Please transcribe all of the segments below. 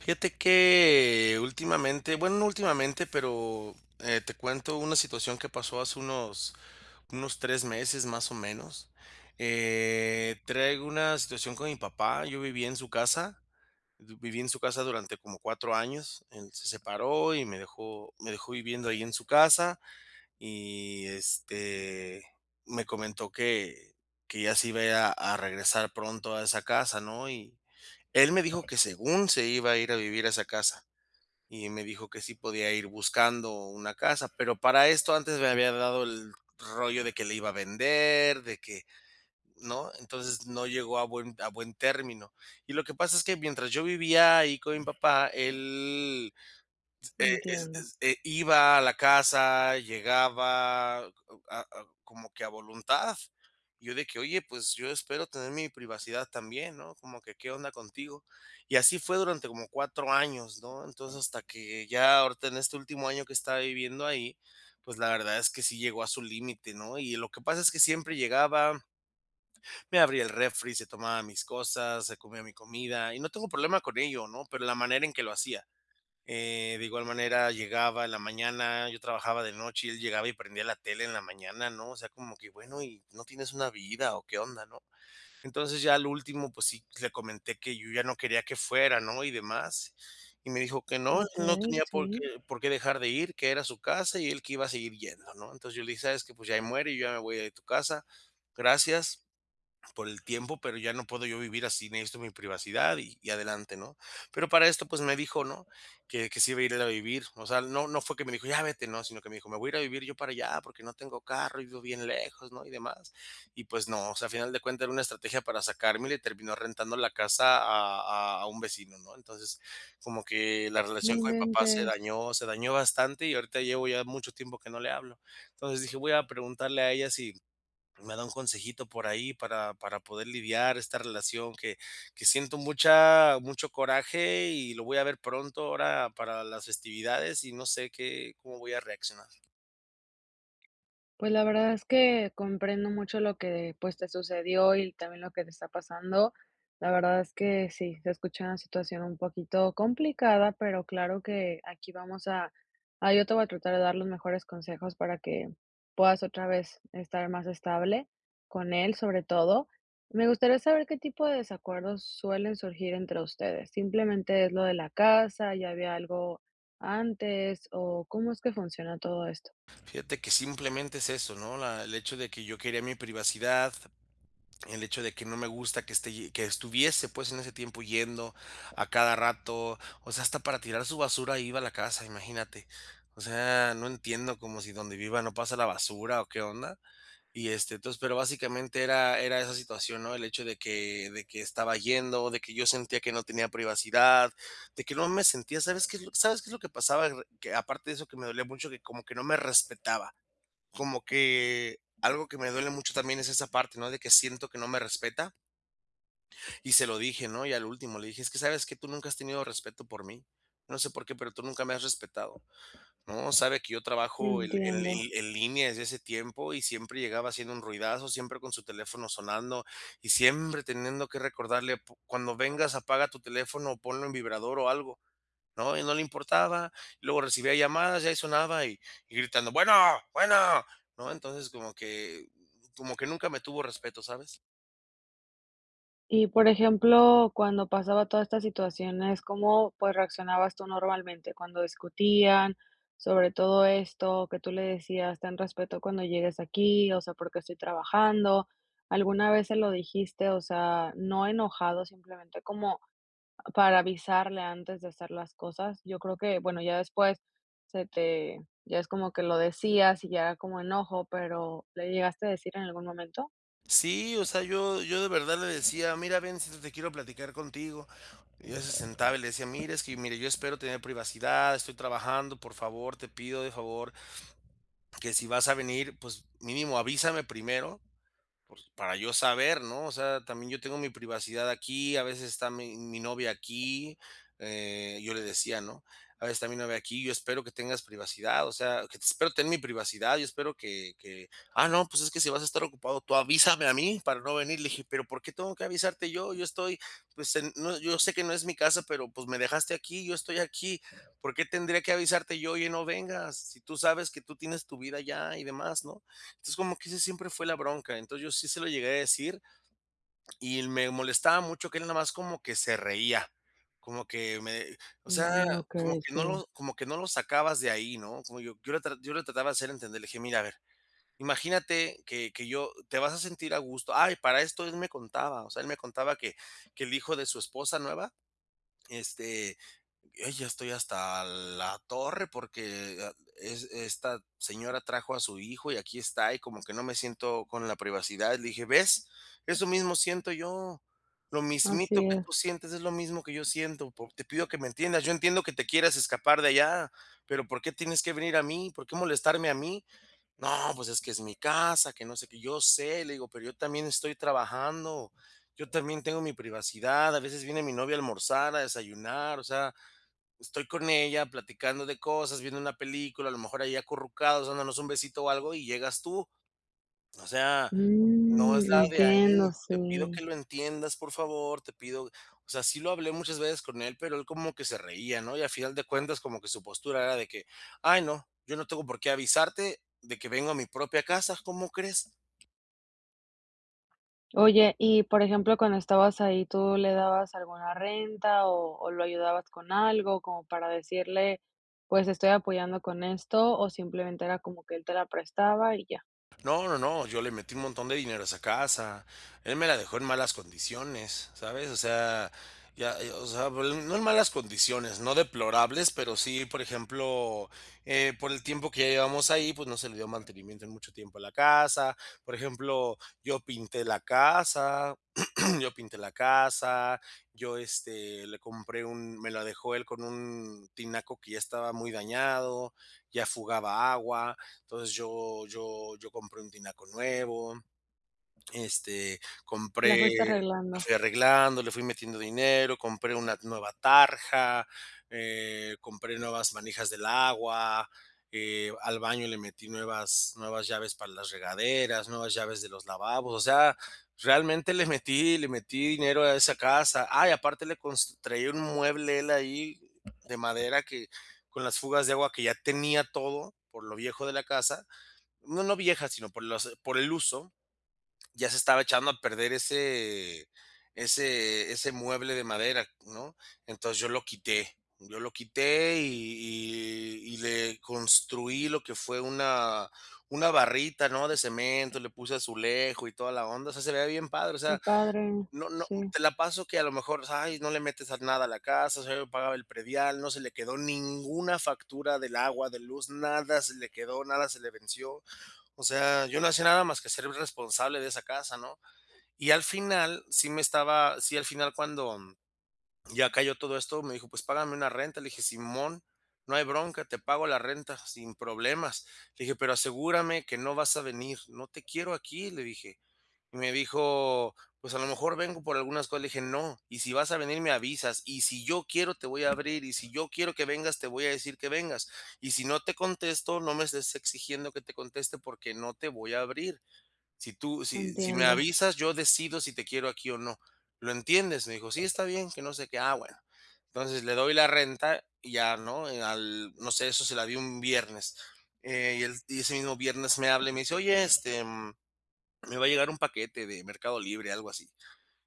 Fíjate que, últimamente bueno, no últimamente, pero te cuento una situación que pasó hace unos unos 3 meses, más o menos, eh, traigo una situación con mi papá, yo viví en su casa, viví en su casa durante como 4 años, él se separó y me dejó me dejó viviendo ahí en su casa y, este, me comentó que que ya se iba a ir a a regresar pronto a esa casa, ¿no?, y él me dijo que según se iba a ir a vivir a esa casa, y me dijo que sí podía ir buscando una casa, pero para esto antes me había hablado el rollo de: "Que la iba a vender, de que", ¿no?, entonces no llegó a buen a buen término, y lo que pasa es que mientras yo vivía ahí con mi papá, él e es Entiendo. e iba a la casa, llegaba a a como que a voluntad, yo de que: "Oye, pues, yo espero tener mi privacidad también", ¿no?, como que, "¿Qué onda contigo?", y así fue durante como 4 años, ¿no?, entonces hasta que ya ahorita en este último año que estaba viviendo ahí, pues, la verdad es que sí llegó a su límite, ¿no?, y lo que pasa es que siempre llegaba, me abría el refri, se tomaba mis cosas, se comía mi comida, y no tengo problema con ello, ¿no?, pero la manera en que lo hacía, eh, de igual manera llegaba en la mañana, yo trabajaba de noche y él llegaba y prendía la tele en la mañana, ¿no?, o sea, como que: "Bueno, y no tienes una vida, ¿o qué onda?", ¿no?, entonces ya al último, pues, sí le comenté que yo ya no quería que fuera, ¿no?, y demás y me dijo que no él Okey, tenía por sí. qué por qué dejar de ir, que era su casa y él que iba a seguir yendo, ¿no?, entonces yo le dije: "¿Sabes que?, pues, ya ahí muere y ya me voy de tu casa, gracias por el tiempo, pero ya no puedo yo vivir así, necesito mi privacidad y y adelante, ¿no?, pero para esto, pues, me dijo, ¿no?, que que se iba a ir él a vivir, o sea, no no fue que me dijo: ¡Ya vete!", no, sino que me dijo: "Me voy a ir a vivir yo para allá porque no tengo carro y vivo bien lejos", ¿no?, y demás, y pues no, o sea, al final de cuenta era una estrategia para sacarme y le terminó rentando la casa a a a un vecino, ¿no?, entonces, como que la No relación con mi papá se inventes. dañó, se dañó bastante y ahorita llevo ya mucho tiempo que no le hablo, entonces dije: "Voy a preguntarle a ella si me da un consejito por ahí", para para poder lidiar esta relación que que siento mucha mucho coraje y lo voy a ver pronto ahora para las festividades y no sé qué cómo voy a reaccionar. Pues la verdad es que comprendo mucho lo que, pues, te sucedió y también lo que te está pasando. La verdad es que sí, se escucha una situación un poquito complicada, pero claro que aquí vamos a a Yo te voy a tratar de dar los mejores consejos para que puedas otra vez estar más estable con él, sobre todo. Me gustaría saber qué tipo de desacuerdos suelen surgir entre ustedes. ¿Simplemente es lo de la casa, ya había algo antes o cómo es que funciona todo esto? Fíjate que simplemente es eso, ¿no? La el hecho de que yo quería mi privacidad, el hecho de que no me gusta que esté ye que estuviese, pues, en ese tiempo yendo a cada rato. O sea, hasta para tirar su basura ahí iba a la casa, imagínate. O sea, no entiendo, como si donde viva no pasa la basura o, ¿qué onda? Y este, entonces, pero básicamente era era esa situación, ¿no? El hecho de que de que estaba yendo, de que yo sentía que no tenía privacidad, de que no me sentía ¿Sabes qué es lo? ¿Sabes qué es lo que pasaba? Re que aparte de eso que me dolía mucho, que como que no me respetaba. Como que algo que me duele mucho también es esa parte, ¿no?, de que siento que no me respeta. Y se lo dije, ¿no? Y a lo último le dije: “Es que sabes que tú nunca has tenido respeto por mí. No sé por qué, pero tú nunca me has respetado". No, sabe que yo trabajo el en Entiendo. li en línea desde hace tiempo, y siempre llegaba haciendo un ruidazo, siempre con su teléfono sonando. Y siempre teniendo que recordarle: “Pu cuando vengas apaga tu teléfono, o ponlo en vibrador o algo”. No, a él no le importaba, luego recibía llamadas, y ahí sonaba, y y gritando: “Bueno, bueno”. No, entonces, como que como que nunca me tuvo respeto, ¿sabes? Y, por ejemplo, cuando pasaba toda esta situaciones, ¿cómo, pues, reaccionabas tú normalmente cuando discutían?, sobre todo esto que tú le decías: "Ten respeto cuando llegues aquí, o sea, porque qué estoy trabajando". ¿Alguna vez se lo dijiste? O sea, no enojado, simplemente como para avisarle antes de hacer las cosas. Yo creo que, bueno, ya después se te ya es como que lo decías y ya como enojo, pero, ¿le llegaste a decir en algún momento? Sí, o sea, yo yo de verdad le decía: "Mira, ven siéntate quiero platicar contigo". Y ya se sentaba, y le decía: "Mira, es que mire, yo espero tener privacidad, estoy trabajando, por favor, te pido de favor, que si vas a venir, pues, mínimo avísame primero, pues, para yo saber", ¿no? O sea, también yo tengo mi privacidad aquí, a veces está mi mi novia aquí. Eh, yo le decía, ¿no? "A veces está mi novia aquí, yo espero que tengas privacidad", o sea, que te espero tener mi privacidad, yo espero que que: "Ah, no, pues es que si vas a estar ocupado, tú avísame a mí para no venir", le dije. "¿Pero por qué tengo que avisarte yo? Yo estoy, pues, en no yo sé que no es mi casa, pero, pues, me dejaste aquí, yo estoy aquí. ¿Por qué tendría que avisarte yo?, oye no vengas. Si tú sabes que tú tienes tu vida allá y demás", ¿no? Entonces, como que ese siempre fue la bronca. Entonces, yo sí se lo llegué a decir y l me molestaba mucho que él nada más como que se reía. Como que me o sea, Mm, como okey, que sí. no lo como que no lo sacabas de ahí, ¿no? Como yo yo lo yo lo trataba de hacer entender. Le dije: "Mira, a ver, imagínate que que yo te vas a sentir a gusto". Ah, y para esto, él me contaba, o sea, él me contaba que que el hijo de su esposa nueva, este: "Ay ya estoy hasta la torre, porque a e es esta señora trajo a su hijo y aquí está, y como que no me siento con la privacidad", le dije: "¿Ves? Eso mismo siento yo, lo mismito Así que tú es. sientes es lo mismo que yo siento. Pues, te pido que me entiendas yo entiendo que te quieres escapar de allá, ¿pero por qué tienes que venir a mí? ¿Por qué molestarme a mí?". "No, pues, es que es mi casa", que no sé qué, "Yo sé", le digo, "Pero yo también estoy trabajando, yo también tengo mi privacidad, a veces viene mi novia a almorzar, a desayunar, o sea, estoy con ella platicando de cosas, viendo una película, a lo mejor ahí acurrucados, dándonos un besito o algo, y llegas tú". O sea, no es Mm, la de entiendo, ahí. "Te pido sí. que lo entiendas, por favor, te pido". Osea, sí lo hablé muchas veces con él, pero él como que se reía, ¿no? Y a final de cuentas, como que su postura era de que: "Ay no, yo no tengo por qué avisarte de que vengo a mi propia casa". ¿Cómo crees? Oye, y, por ejemplo, cuando estabas ahí, ¿tú le dabas alguna renta o o lo ayudabas con algo?, como para decirle: "Pues, estoy apoyando con esto", o, ¿simplemente era como que él te la prestaba y ya? No, no, no, yo le metí un montón de dinero a esa casa, él me la dejó en malas condiciones, ¿sabes?, o sea, ya, eh, o sea, bueno, no en malas condiciones, no deplorables, pero sí, por ejemplo, eh, por el tiempo que ya llevabamos ahí, pues, no se le dio mantenimiento, en mucho tiempo a la casa, por ejemplo, yo pinté la casa yo pinté la casa, yo, este, le compré un Me la dejó él con un tinaco que ya estaba muy dañado, ya fugaba agua. Entonces yo yo yo compré un tinaco nuevo, este, La compré fuiste la arreglando. fui arreglando, le fui metiendo dinero, compré una nueva tarja, eh, compré nuevas manijas del agua, eh, al baño le metí nuevas nuevas llaves para las regaderas, nuevas llaves de los lavabos, o sea, realmente le metí le metí dinero a esa casa. Ah, y aparte le const traía un mueble, él, ahí, de madera que, con las fugas de agua que ya tenía todo, por lo viejo de la casa no, no vieja, sino por los por el uso, ya se estaba echando a perder ese ese ese mueble de madera, ¿no? Entonces, yo lo quité yo lo quité y y y le construí lo que fue una una barrita, ¿no?, de cemento, le puse azulejo y toda la onda, o sea, se le veía bien padre, o Que sea, padre. no no Sí. te la paso que, a lo mejor, pues, ay, no le metes a nada a la casa, o sea, yo pagaba el predial, no se le quedó ninguna factura del agua, de luz, nada se le quedó, nada se le venció. O sea, yo no hacía nada más que ser el responsable de esa casa, ¿no? Y al final, sí me estaba sí, al final cuando, mm, ya cayó todo esto, me dijo: "Pues, págame una renta". Le dije: "Simón, no hay bronca, te pago la renta, sin problemas". Le dije: "Pero asegúrame que no vas a venir, no te quiero aquí", le dije. Y me dijo: "Pues, a lo mejor, vengo por algunas cosas". Le dije: "No, y si vas a venir, me avisas, y si yo quiero te voy a abrir, y si yo quiero que vengas, te voy a decir que vengas, y si no te contesto, no me estés exigiendo que te conteste porque no te voy a abrir. Si tú si si me Entiendo. avisas, yo decido si te quiero aquí o no, ¿lo entiendes?". Me dijo: "Sí, está bien, que no sé qué". Ah, bueno. Entonces, le doy la renta y ya, ¿no?, eh, al, no sé, eso se la di un viernes, eh, y el y ese mismo viernes me habla y me dice: "Oye, este, mm, me va a llegar un paquete de Mercado Libre", algo así.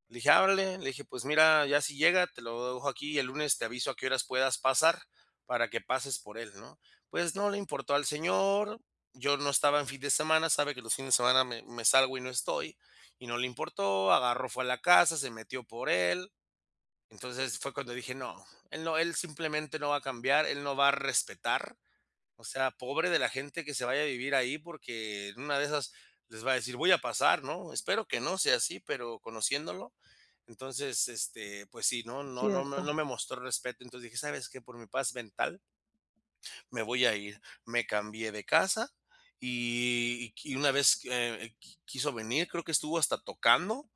Le dije: "Ah órale". Le dije: "Pues, mira, ya si llega, te lo dejo aquí, y el lunes te aviso a qué horas puedas pasar, para que pases por él", ¿no? Pues no le importó al señor, yo no estaba en fin de semana, sabe que los fines de semana me me salgo y no estoy, y no le importó, agarró, fue a la casa, se metió por él. Entonces, fue cuando dije: "No, él no, él simplemente no va a cambiar, él no va a respetar". O sea, pobre de la gente que se vaya a vivir ahí, porque, en una de esas, les va a decir: "Voy a pasar", ¿no? Espero que no sea así, pero conociéndolo. Entonces, este, pues sí, ¿no?, no no me Cierto. no me mostró respeto. Entonces dije: "¿Sabes qué? Por mi paz mental" "me voy a ir". Me cambié de casa y y qui y una vez, eh, qui quiso venir, creo que estuvo hasta tocando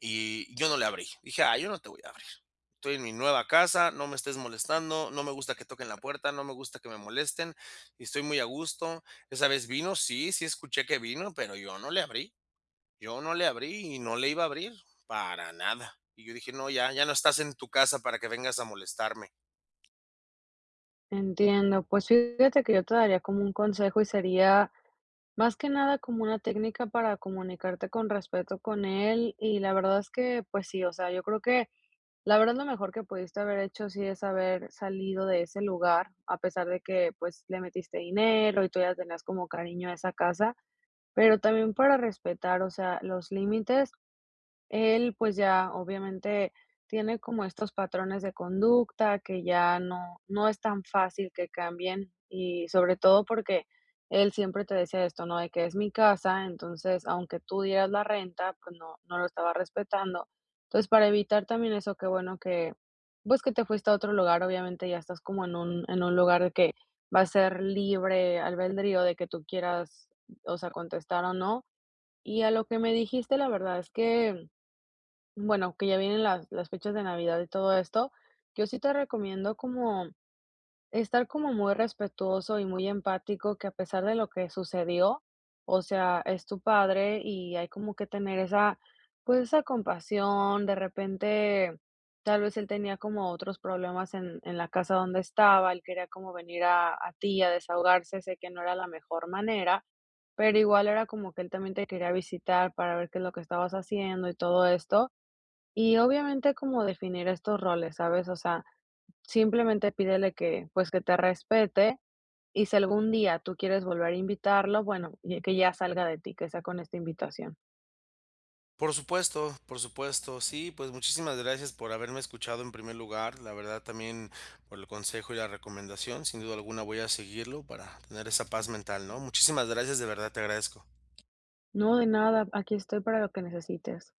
y yo no le abrí, dije: "Ay, yo no te voy a abrir. Estoy en mi nueva casa, no me estés molestando, no me gusta que toquen la puerta, no me gusta que me molesten, y estoy muy a gusto". ¿Esa vez vino? Sí, sí escuché que vino, pero yo no le abrí, yo no le abrí y no le iba a abrir, para nada. Y yo dije: "No, ya. Ya no estás en tu casa para que vengas a molestarme". Entiendo, pues fíjate que yo te daría como un consejo y sería más que nada como una técnica para comunicarte con respeto con él, y la verdad es que, pues sí, o sea, yo creo que la verdad lo mejor que pudiste haber hecho, sí es haber salido de ese lugar a pesar de que, pues, le metiste dinero y tú ya tenías como cariño a esa casa, pero también para respetar, o sea los límites, él, pues, ya obviamente tiene como estos patrones de conducta, que ya no no es tan fácil que cambien y sobre todo porque él siempre te decía esto, ¿no?, de que, es mi casa, entonces aunque tú dieras la renta, pues, no no lo estaba respetando, entonces, para evitar también eso, qué bueno que, pues que te fuiste a otro lugar, obviamente ya estás como en un en un lugar de que va a ser libre albedrío de que tú quieras, o sea, contestar o no, y a lo que me dijiste la verdad es que, bueno, que ya vienen las las fechas de navidad y todo esto, yo sí te recomiendo como estar como muy respetuoso y muy empático que a pesar de lo que sucedió, o sea, es tu padre y hay como que tener esa, pues esa compasión, de repente tal vez él tenía como otros problemas en en la casa donde estaba, él quería como venir a a ti a desahogarse, sé que no era la mejor manera, pero igual era como que él también te quería visitar para ver qué es lo que estabas haciendo y todo esto, y obviamente como definir estos roles, ¿sabes? O sea, simplemente pídele que, pues, que te respete y si algún día tú quieres volver a invitarlo, bueno, lle que ya salga de ti, que sea con esta invitación. Por supuesto por supuesto, sí, pues muchísimas gracias por haberme escuchado, en primer lugar, la verdad también por el consejo y la recomendación, sin duda alguna, voy a seguirlo para tener esa paz mental, ¿no?, muchísimas gracias, de verdad te agradezco. No, de nada, aquí estoy para lo que necesites.